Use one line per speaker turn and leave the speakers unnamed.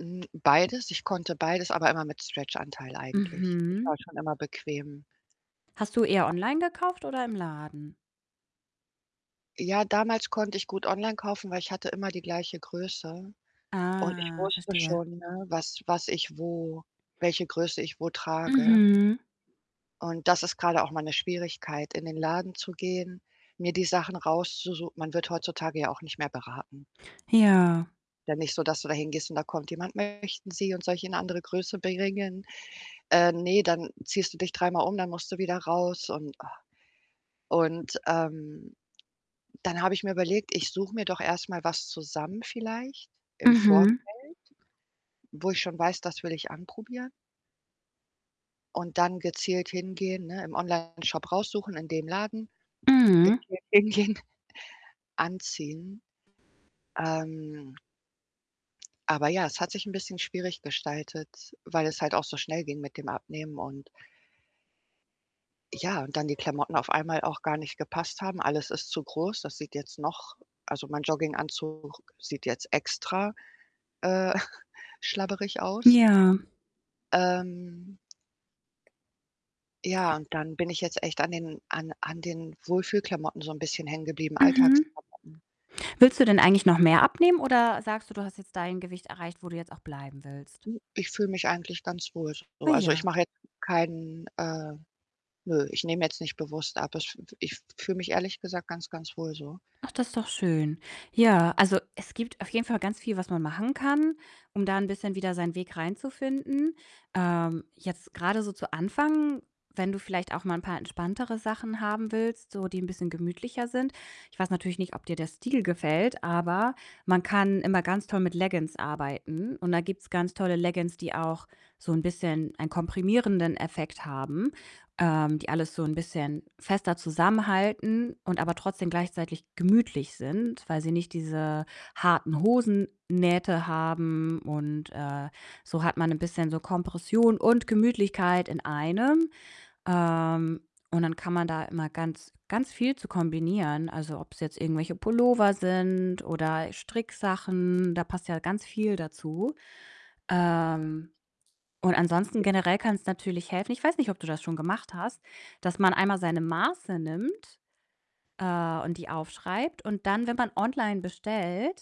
Hm, beides, ich konnte beides, aber immer mit Stretch-Anteil eigentlich. Ich
Mhm.
war schon immer bequem..
Hast du eher
[unintelligible]
online gekauft oder im Laden?
Ja, damals konnte ich gut online kaufen, weil ich hatte immer die gleiche Größe und ich
Ah,
wusste
verstehe.
schon, ne, was was ich wo welche Größe ich wo trage.
Mhm.
Und das ist grade auch meine Schwierigkeit, in den Laden zu gehen, mir die Sachen rauszusu man wird heutzutage ja auch nicht mehr beraten.
Ja.
Ja nicht so, dass du da hingehst und da kommt jemand: „Möchten Sie und soll ich Ihnen 'ne andere Größe bringen?” Ähm, ne, dann ziehst du dich dreimal um, dann musst du wieder raus und ach. Und, ähm, dann habe ich mir überlegt, ich suche mir doch erstmal was zusammen vielleicht im Vorfeld,
Mhm.
wo ich schon weiß, das will ich anprobieren und dann gezielt hingehen, ne, im Onlineshop raussuchen in dem Laden,
Mhm.
gezielt hingehen, anziehen. Ähm aber ja, es hat sich 'n bisschen schwierig gestaltet, weil es halt auch so schnell ging mit dem Abnehmen und ja, und dann die Klamotten auf einmal auch gar nicht gepasst haben. Alles ist zu groß, das sieht jetzt noch also mein Jogginganzug sieht jetzt extra, äh, schlabberig aus.
Ja.
Ähm, ja, und dann bin ich jetzt echt an den an an den Wohlfühl-Klamotten so 'n bisschen hängen geblieben,
Mhm.
Altagsklamotten.
Willst du denn eigentlich noch mehr abnehmen oder sagst du, du hast jetzt dein Gewicht erreicht, wo du jetzt auch bleiben willst?
Hm, ich fühle mich eigentlich ganz wohl so.
Ah
Also, ich
ja.
mache jetzt keinen, ähm nö, ich nehme jetzt nicht bewusst ab. Es ich fühle mich ehrlich gesagt ganz, ganz wohl so.
Ach, das ist doch schön. Ja, also, es gibt auf jeden Fall ganz viel, was man machen kann, um da 'n bisschen wieder seinen Weg reinzufinden. Ähm, jetzt grade so zu Anfang, wenn du vielleicht auch mal 'n paar entspanntere Sachen haben willst, so die bisschen gemütlicher sind ich weiß natürlich nicht, ob dir der Stil gefällt, aber man kann immer ganz toll mit Leggins arbeiten und da gibt‘s ganz tolle Leggins, die auch so 'n bisschen einen komprimierenden Effekt haben, ähm, die alles so 'n bisschen fester zusammenhalten und aber trotzdem gleichzeitig gemütlich sind, weil sie nicht diese harten Hosennähte haben und, äh, so hat man bisschen so Kompression und Gemütlichkeit in einem. Ähm, und dann kann man da immer ganz ganz viel zu kombinieren. Also, ob‘s jetzt irgendwelche Pullover sind oder Stricksachen, da passt ja ganz viel dazu. Ähm, und ansonsten
Ge
generell kann‘s natürlich helfen ich weiß nicht, ob du das schon gemacht hast, dass man einmal seine Maße nimmt, äh, und die aufschreibt, und dann, wenn man online bestellt